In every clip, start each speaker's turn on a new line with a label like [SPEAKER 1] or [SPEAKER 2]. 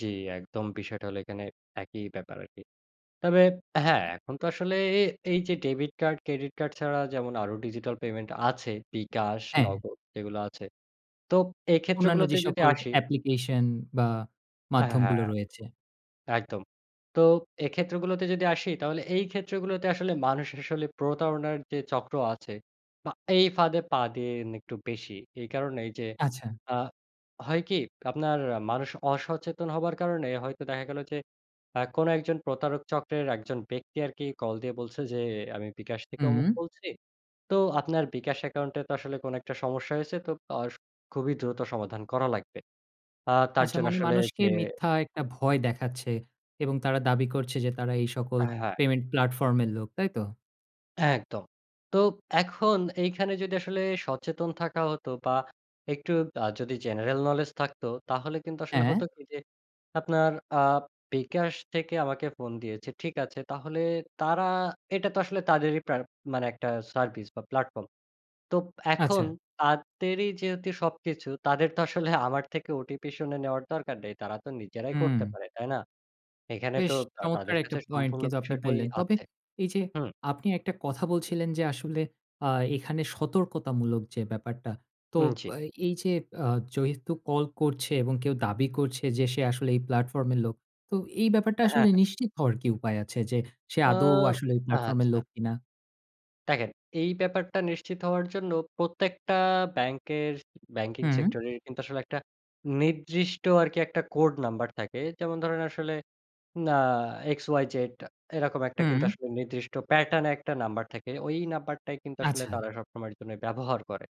[SPEAKER 1] জ্বি, একদম বিষয়টা হলো এখানে একই ব্যাপার আরকি। তবে হ্যাঁ,
[SPEAKER 2] আ
[SPEAKER 1] এখন তো আসলে এ এই যে ডেবিট কার্ড, ক্রেডিট কার্ড ছাড়া যেমন আরও ডিজিটাল পেমেন্ট আছে। বিকাশ,
[SPEAKER 2] হ্যাঁ।
[SPEAKER 1] নগদ এগুলো আছে। তো এই
[SPEAKER 2] অন্যান্য যে
[SPEAKER 1] ক্ষেত্রগুলোতে যদি
[SPEAKER 2] সকল
[SPEAKER 1] আসি
[SPEAKER 2] অ্যাপ্লিকেশন বা
[SPEAKER 1] এ
[SPEAKER 2] মাধ্যমগুলো
[SPEAKER 1] হ্যাঁ।
[SPEAKER 2] রয়েছে।
[SPEAKER 1] একদম। তো এই ক্ষেত্রগুলোতে যদি আসি, তাহলে এই ক্ষেত্রগুলোতে আসলে মানুষ আসলে প্রতারণার যে চক্র আছে বা এই ফাঁদে পা দিয়ে নি একটু বেশি। এই কারণেই যে,
[SPEAKER 2] আচ্ছা।
[SPEAKER 1] আ হয় কি, আপনার মানুষ অসচেতন হবার কারণে হয়তো দেখা গেল, যে আ কোন একজন প্রতারক চক্রের একজন ব্যক্তি আরকি কল দিয়ে বলছে যে, আ আমি বিকাশ থেকে
[SPEAKER 2] হুুউ।
[SPEAKER 1] অমুক বলছি। তো আপনার বিকাশ অ্যাকাউন্টে তো আসলে কোন একটা সমস্যা হয়েছে। তো আ স খুবই দ্রুত সমাধান করা লাগবে। আ তার
[SPEAKER 2] আচ্ছা,
[SPEAKER 1] জন্য
[SPEAKER 2] মানে
[SPEAKER 1] আসলে
[SPEAKER 2] মানুষকে
[SPEAKER 1] যে
[SPEAKER 2] মিথ্যা একটা ভয় দেখাচ্ছে এবং তারা দাবি করছে যে তারা এই সকল
[SPEAKER 1] এ হ্যাঁ।
[SPEAKER 2] পেমেন্ট প্লাটফর্ম এর লোক, তাইতো?
[SPEAKER 1] একদম। তো এখন এইখানে যদি আসলে সচেতন থাকা হতো বা একটু আ যদি জেনারেল নোলেজ থাকতো, তাহলে কিন্তু
[SPEAKER 2] হ্যাঁ,
[SPEAKER 1] আসলে হতো
[SPEAKER 2] হ্যাঁ।
[SPEAKER 1] কি যে, আপনার আ বিকাশ থেকে আমাকে ফোন দিয়েছে, ঠিক আছে তাহলে তারা এটা তো আসলে তাদেরই প্রা মানে একটা সার্ভিস বা প্ল্যাটফর্ম; তো এখন
[SPEAKER 2] আচ্ছা।
[SPEAKER 1] তাদেরই যেহেতু সবকিছু তাদের তো আসলে আমার থেকে ওটিপি শুনে নেওয়ার দরকার নেই, তারা তো নিজেরাই
[SPEAKER 2] হুম।
[SPEAKER 1] করতে পারে, তাই না? এখানে তো
[SPEAKER 2] বেশ চমৎকার
[SPEAKER 1] তাদের
[SPEAKER 2] একটা
[SPEAKER 1] কাছে
[SPEAKER 2] পয়েন্ট
[SPEAKER 1] সম্পূর্ণ
[SPEAKER 2] কিন্তু আপনি
[SPEAKER 1] বিষয়টাই
[SPEAKER 2] বললেন। তবে
[SPEAKER 1] আছে
[SPEAKER 2] এই যে,
[SPEAKER 1] হুম।
[SPEAKER 2] আপনি একটা কথা বলছিলেন, যে আসলে আ এখানে সতর্কতামূলক যে ব্যাপারটা। তো
[SPEAKER 1] উম জি।
[SPEAKER 2] বা এই যে আ যেহেতু কল করছে এবং কেউ দাবি করছে যে সে আসলে এই প্লাটফর্ম এর লোক। তো এই ব্যাপারটা আসলে
[SPEAKER 1] হ্যাঁ।
[SPEAKER 2] নিশ্চিত হওয়ার কি উপায় আছে যে, সে
[SPEAKER 1] আ
[SPEAKER 2] আদৌ আসলে এই প্লাটফর্ম এর
[SPEAKER 1] আচ্ছা।
[SPEAKER 2] লোক কিনা?
[SPEAKER 1] দেখেন, এই ব্যাপারটা নিশ্চিত হওয়ার জন্য প্রত্যেকটা ব্যাংকের ব্যাংকিং
[SPEAKER 2] হু।
[SPEAKER 1] সেক্টরের কিন্তু আসলে একটা নির্দিষ্ট আরকি একটা কোড নাম্বার থাকে। যেমন ধরেন আসলে ন আ এক্স y z এরকম একটা কিন্তু
[SPEAKER 2] হু।
[SPEAKER 1] আসলে নির্দিষ্ট প্যাটার্ন একটা নাম্বার থাকে। ওই নাম্বারটাই কিন্তু আসলে
[SPEAKER 2] আচ্ছা।
[SPEAKER 1] তারা সবসময়ের জন্য ব্যবহার করে।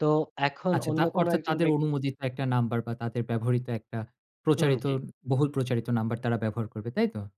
[SPEAKER 1] তো এখন
[SPEAKER 2] আচ্ছা,
[SPEAKER 1] অন্য
[SPEAKER 2] তার
[SPEAKER 1] কোন
[SPEAKER 2] অর্থাৎ
[SPEAKER 1] একজন
[SPEAKER 2] তাদের
[SPEAKER 1] ব্যক্তি
[SPEAKER 2] অনুমোদিত একটা নাম্বার, বা তাদের ব্যবহৃত একটা
[SPEAKER 1] উম
[SPEAKER 2] প্রচারিত
[SPEAKER 1] জ্বী।
[SPEAKER 2] বহুল প্রচারিত নাম্বার তারা ব্যবহার করবে। তাই তো?